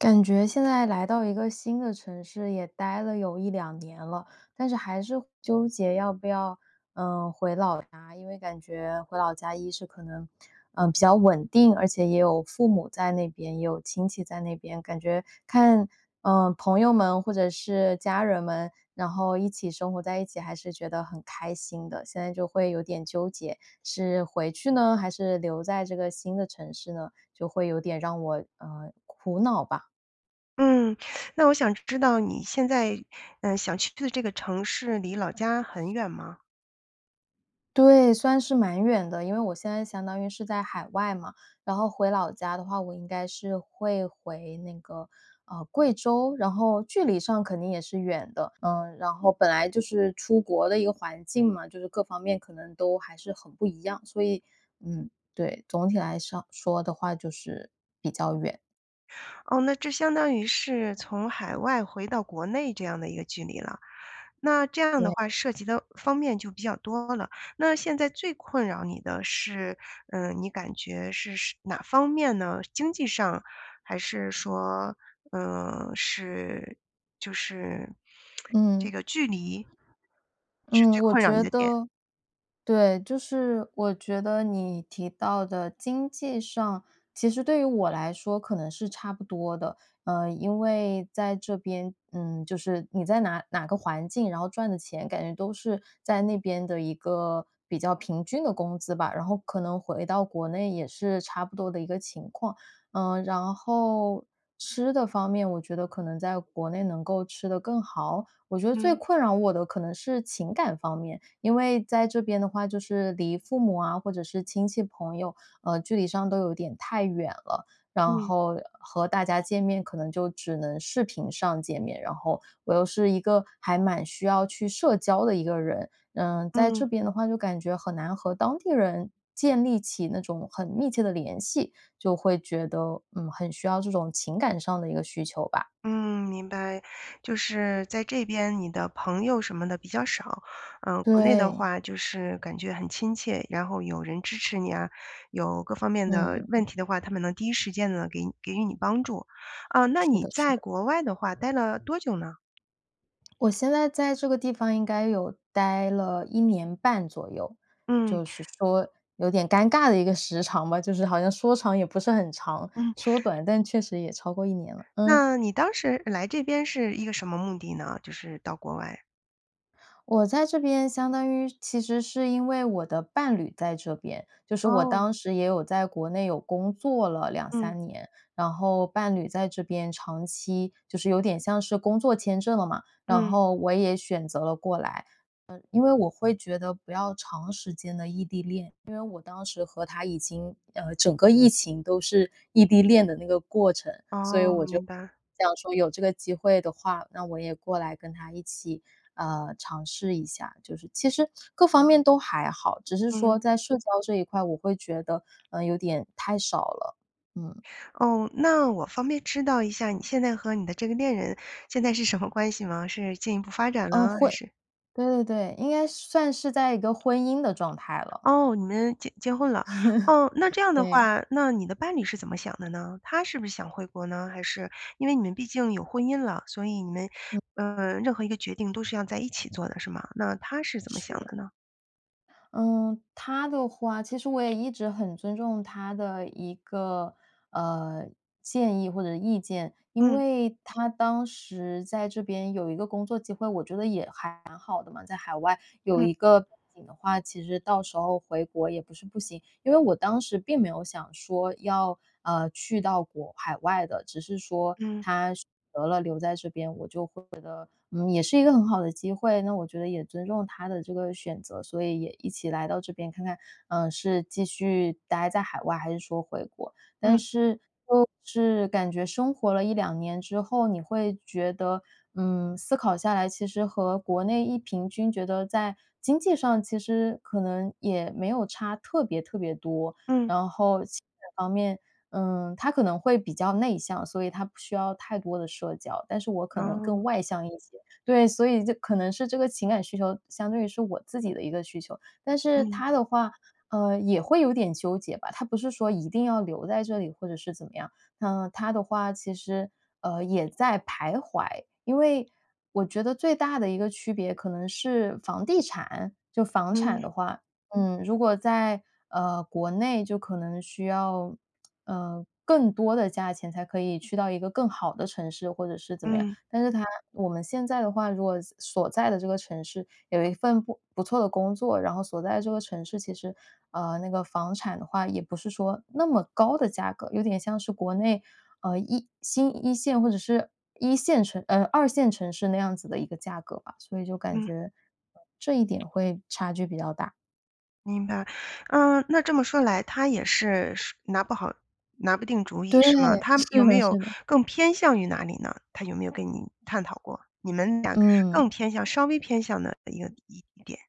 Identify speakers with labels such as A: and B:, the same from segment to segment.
A: 感觉现在来到一个新的城市也待了有1、2年了，但是还是纠结要不要，嗯回老家。因为感觉回老家1是可能，呃，比较稳定，而且也有父母在那边，也有亲戚在那边。感觉看，呃，朋友们或者是家人们，然后一起生活在一起还是觉得很开心的。现在就会有点纠结，是回去呢？还是留在这个新的城市呢？就会有点让我，呃苦恼吧。
B: 嗯。那我想知道你现在，呃，想去的这个城市离老家很远吗？
A: 对，算是蛮远的。因为我现在相当于是在海外嘛，然后回老家的话，我应该是会回那个，啊，贵州。然后距离上肯定也是远的，嗯，然后本来就是出国的一个环境嘛，就是各方面可能都还是很不一样。所以，嗯，对，总体来说说的话就是比较远。
B: 哦，那这相当于是从海外回到国内这样的一个距离了。那这样的
A: 对。
B: 话，涉及的方面就比较多了。那现在最困扰你的是呃，你感觉是是哪方面呢？经济上，还是说，呃是就是 这
A: 嗯。
B: 个距离是
A: 嗯，
B: 最
A: 我
B: 困扰你
A: 觉
B: 的点？
A: 得对，就是我觉得你提到的经济上，其实对于我来说，可能是差不多的。呃，因为在这边，嗯就是你在哪哪个环境，然后赚的钱感觉都是在那边的一个比较平均的工资吧。然后可能回到国内也是差不多的一个情况。呃然后吃的方面，我觉得可能在国内能够吃得更好？我觉得最
B: 嗯。
A: 困扰我的可能是情感方面，因为在这边的话，就是离父母啊或者是亲戚朋友，呃，距离上都有点太远了。然
B: 嗯。
A: 后和大家见面，可能就只能视频上见面，然后我又是一个还蛮需要去社交的一个人。嗯，在
B: 嗯。
A: 这边的话，就感觉很难和当地人建立起那种很密切的联系，就会觉得，嗯，很需要这种情感上的一个需求吧。
B: 嗯，明白，就是在这边你的朋友什么的比较少。呃，国内的
A: 对。
B: 话，就是感觉很亲切，然后有人支持你啊，有各方面的
A: 嗯。
B: 问题的话，他们能第1时间给给予你帮助呃，那
A: 是
B: 你
A: 的是
B: 在
A: 的。
B: 国外的话待了多久呢？
A: 我现在在这个地方应该有待了1年半左右，
B: 嗯。
A: 就是说有点尴尬的一个时长吧，就是好像说长也不是很长，
B: 嗯。
A: 说短但确实也超过1年了嗯。
B: 那你当时来这边是一个什么目的呢，就是到国外？
A: 我在这边相当于其实是因为我的伴侣在这边，就是我
B: 哦。
A: 当时也有在国内有工作了两
B: 嗯。
A: 三年，然后伴侣在这边长期就是有点像是工作签证了嘛，然
B: 嗯。
A: 后我也选择了过来，因为我会觉得不要长时间地异地恋。因为我当时和他已经，呃，整个疫情都是异地恋的那个过程，所以
B: 哦，
A: 我就
B: 明白。
A: 想说有这个机会的话，那我也过来跟他一起，呃尝试一下。就是其实各方面都还好，只是说
B: 嗯。
A: 在社交这一块，我会觉得，呃，有点太少了，嗯。
B: 哦，那我方便知道一下你现在和你的这个恋人现在是什么关系吗？是进一步发展
A: 呃，
B: 了
A: 会
B: 还是
A: 对对对，应该算是在一个婚姻的状态了。
B: 哦，你们结结婚了。哦，那这样的
A: 对。
B: 话，那你的伴侣是怎么想的呢？他是不是想回国呢？还是因为你们毕竟有婚姻了，所以你们，
A: 嗯。
B: 呃任何一个决定都是要在一起做的是吗？那他是怎么
A: 是
B: 想
A: 的。
B: 的呢？
A: 嗯，他的话其实我也一直很尊重他的一个，呃建议或者意见。因
B: 嗯。
A: 为他当时在这边有一个工作机会，我觉得也还蛮好的嘛，在海外有
B: 嗯。
A: 一个背景的话，其实到时候回国也不是不行。因为我当时并没有想说要，呃，去到国海外的，只是说
B: 嗯。
A: 他得了留在这边，我就会觉得也是一个很好的机会，那我觉得也尊重他的这个选择，所以也一起来到这边看看，呃，是继续呆在海外还是说回国。但
B: 嗯。
A: 是就是感觉生活了1、2年之后，你会觉得，嗯，思考下来，其实和国内一平均觉得在经济上，其实可能也没有差特别特别多。
B: 嗯。
A: 然后其它方面，呃他可能会比较内向，所以他不需要太多的社交，但是我可能
B: 哦。
A: 更外向一些对，所以这可能是这个情感需求相对于是我自己的一个需求。但是
B: 嗯。
A: 他的话，呃，也会有点纠结吧，他不是说一定要留在这里，或者是怎么样，那他的话其实，呃，也在徘徊。因为我觉得最大的一个区别可能是房地产就房产
B: 嗯。
A: 的话，嗯，如果在，呃，国内就可能需要，呃，更多的价钱才可以去到一个更好的城市，或者是怎么样。
B: 嗯。
A: 但是他我们现在的话，如果所在的这个城市有一份不不错的工作，然后所在的这个城市，其实，呃，那个房产的话也不是说那么高的价格，有点像是国内，呃，一新一线或者是一线城呃，二线城市那样子的一个价格吧，所以就感
B: 嗯。
A: 觉这一点会差距比较大。
B: 明白，嗯那这么说来，他也是是拿不好拿不定主意
A: 对，
B: 是吗？他有
A: 是
B: 没
A: 的
B: 有
A: 是的。
B: 更偏向于哪里呢？他有没有跟你探讨过，你们俩更
A: 嗯。
B: 偏向稍微偏向哪一个一点。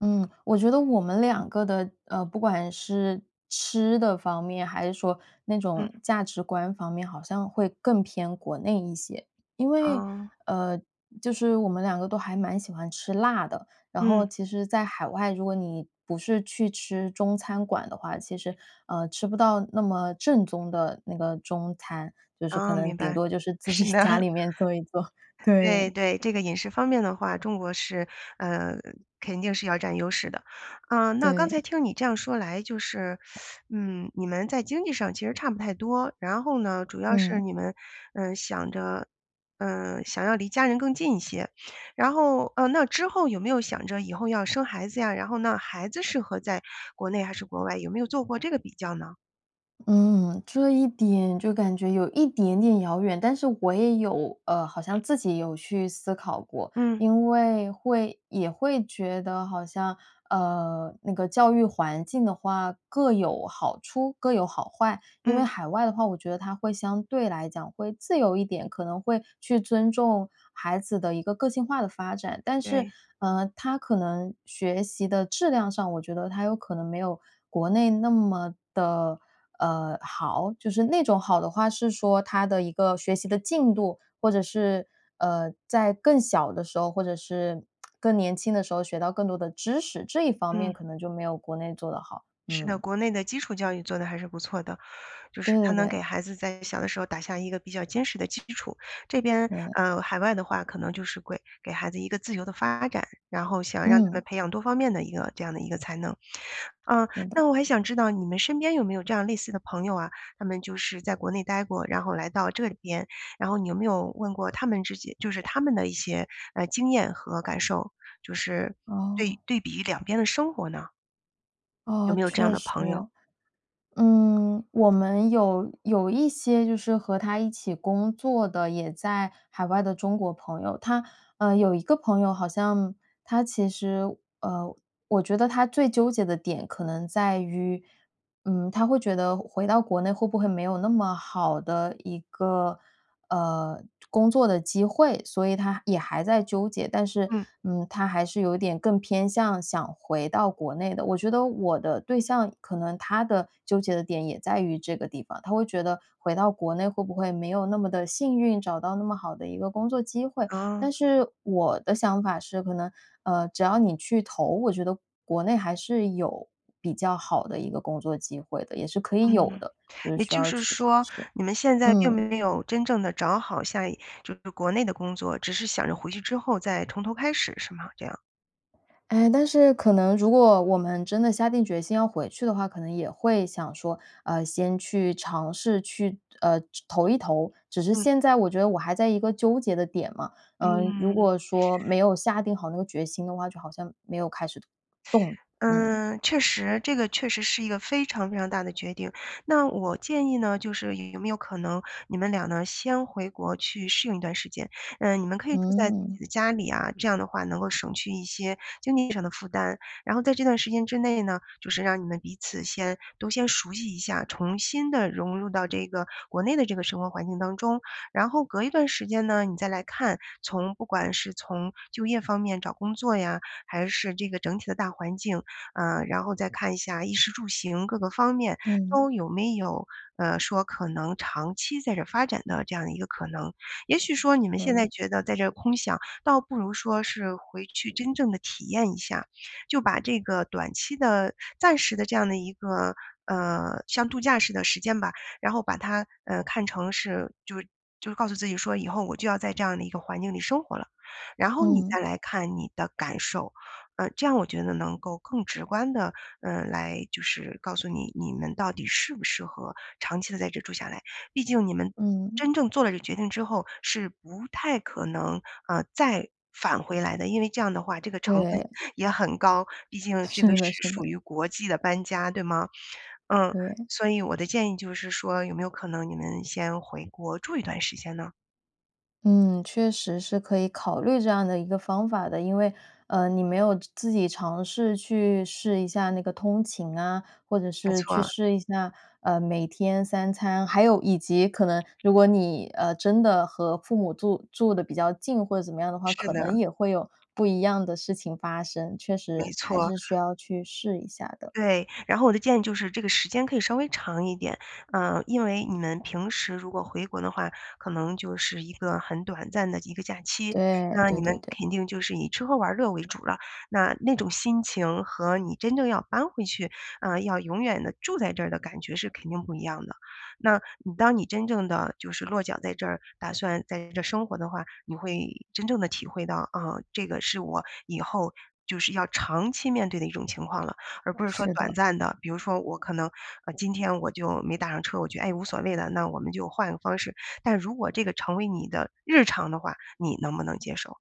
A: 嗯，我觉得我们2个的呃，不管是吃的方面，还是说那
B: 嗯。
A: 种价值观方面，好像会更偏国内一些。因为，
B: 哦。
A: 呃，就是我们2个都还蛮喜欢吃辣的，然
B: 嗯。
A: 后其实在海外，如果你不是去吃中餐馆的话，其实，呃，吃不到那么正宗的那个中餐，就是可
B: 哦，
A: 能
B: 明
A: 顶
B: 白，
A: 多就是自己
B: 是的。
A: 家里面做一做，
B: 对
A: 对。
B: 对，这个饮食方面的话中国是，呃，肯定是要占优势的。呃那刚才
A: 对。
B: 听你这样说来就是，嗯，你们在经济上其实差不太多。然后呢，主要是
A: 嗯。
B: 你们，呃想着呃想要离家人更近一些。然后，呃，那之后有没有想着以后要生孩子呀？然后那孩子适合在国内还是国外，有没有做过这个比较呢？
A: 嗯，这一点，就感觉有一点点遥远，但是我也有呃，好像自己有去思考过，
B: 嗯。
A: 因为会也会觉得好像，呃那个教育环境的话，各有好处各有好坏。因
B: 嗯。
A: 为海外的话，我觉得它会相对来讲会自由一点，可能会去尊重孩子的一个个性化的发展，但是，
B: 对。
A: 呃，它可能学习的质量上，我觉得它有可能没有国内那么的，呃，好？就是那种好的话，是说它的一个学习的进度，或者是，呃，在更小的时候，或者是更年轻的时候学到更多的知识，这一方面
B: 嗯。
A: 可能就没有国内做得好，
B: 是的，
A: 嗯。
B: 国内的基础教育做得还是不错的，就是
A: 对
B: 它
A: 对
B: 能给
A: 对。
B: 孩子在小的时候打下一个比较坚实的基础。这边
A: 对。
B: 呃，海外的话，可能就是会给孩子一个自由的发展，然后想让他们
A: 嗯。
B: 培养多方面的一个这样的一个才能。呃，
A: 对的。
B: 那我还想知道，你们身边有没有这样类似的朋友啊？他们就是在国内呆过，然后来到这里边，然后你有没有问过他们自己，就是他们的一些，呃经验和感受，就是对
A: 哦。
B: 对比2边的生活呢？有
A: 哦，
B: 没有这样
A: 确
B: 的
A: 实。
B: 朋友？
A: 嗯，我们有有一些就是和他一起工作的也在海外的中国朋友。他，呃，有一个朋友好像他其实，呃，我觉得他最纠结的点可能在于，嗯他会觉得回到国内会不会没有那么好的一个，呃，工作的机会，所以他也还在纠结。但是，
B: 嗯。
A: 嗯，他还是有一点更偏向想回到国内的，我觉得我的对象可能他的纠结的点也在于这个地方。他会觉得回到国内会不会没有那么地幸运，找到那么好的一个工作机会。
B: 哦。
A: 但是我的想法是可能，呃，只要你去投，我觉得国内还是有比较好的一个工作机会的，也是可以有
B: 嗯，
A: 的，就是
B: 也
A: 需
B: 就
A: 要
B: 是
A: 去尝
B: 说
A: 试。
B: 你们现在并
A: 嗯。
B: 没有真正地找好像就是国内的工作，只是想着回去之后再从头开始是吗？这样。
A: 诶，但是可能如果我们真的下定决心要回去的话，可能也会想说，呃，先去尝试去，呃就投一投，只是
B: 嗯。
A: 现在我觉得我还在一个纠结的点嘛。嗯，如
B: 嗯。
A: 果说没有下定好那个决心的话，就好像没有开始动，嗯。
B: 呃，确实这个确实是一个非常非常大的决定。那我建议呢，就是有没有可能你们俩呢先回国去适应一段时间。呃，你们可以住在自己
A: 嗯。
B: 的家里啊，这样的话能够省去一些经济上的负担。然后在这段时间之内呢，就是让你们彼此先都先熟悉一下，重新地融入到这个国内的这个生活环境当中。然后隔一段时间呢，你再来看，从不管是从就业方面找工作呀，还是这个整体的大环境，呃，然后再看一下衣食住行各个方面
A: 嗯。
B: 都有没有，呃，说可能长期在这儿发展的这样的一个可能。也许说你们
A: 可
B: 现在
A: 以。
B: 觉得在这空想，倒不如说是回去真正地体验一下，就把这个短期的暂时的这样的一个，呃像度假似的时间吧，然后把它，呃，看成是就就告诉自己说以后我就要在这样的一个环境里生活了，然后你
A: 嗯。
B: 再来看你的感受。呃，这样我觉得能够更直观地，呃来就是告诉你，你们到底适不适合长期地在这住下来。毕竟你们
A: 嗯。
B: 真正做了这决定之后是不太可能，啊，再返回来的。因为这样的话，这个成本
A: 对。
B: 也很高，毕竟这个
A: 是的
B: 是
A: 是
B: 属
A: 的。
B: 于国际的搬家，对吗？嗯，
A: 对。
B: 所以我的建议就是说有没有可能你们先回国住一段时间呢？
A: 嗯，确实是可以考虑这样的一个方法的。因为，呃，你没有自己尝试去试一下那个通勤啊，或者
B: 没
A: 是
B: 错儿
A: 去
B: 啊。
A: 试一下，呃，每天三餐还有以及可能如果你，呃，真的和父母住住得比较近或者怎么样的话，
B: 是
A: 可
B: 的。
A: 能也会有不一样的事情发生，确
B: 没
A: 实
B: 错
A: 还
B: 儿。
A: 是需要去试一下的。
B: 对，然后我的建议就是这个时间可以稍微长一点。呃因为你们平时如果回国的话，可能就是一个很短暂的一个假期，
A: 对，
B: 那
A: 对
B: 你们
A: 对对。
B: 肯定就是以吃喝玩乐为主了。那那种心情和你真正要搬回去，啊，要永远地住在这儿的感觉是肯定不一样的。那你当你真正地就是落脚在这儿，打算在这生活的话，你会真正地体会到，啊，这个是我以后就是要长期面对的一种情况了，而不是说
A: 是
B: 短
A: 的。
B: 暂的。比如说我可能，呃，今天我就没打上车，我觉得，哎，无所谓了，那我们就换个方式。但如果这个成为你的日常的话，你能不能接受？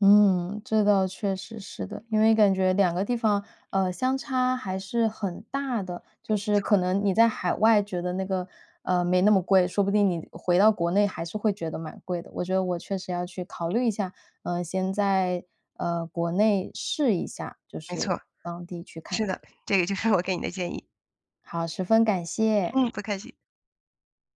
A: 嗯，这倒确实是的。因为感觉2个地方，呃，相差还是很大的，
B: 没
A: 就是
B: 错。
A: 可能你在海外觉得那个呃，没那么贵，说不定你回到国内还是会觉得蛮贵的。我觉得我确实要去考虑一下，呃，先在，呃，国内试一下，就
B: 没错儿，
A: 是
B: 是
A: 当地去看看。
B: 的，这个就是我给你的建议。
A: 好，十分感谢。
B: 嗯，不客气。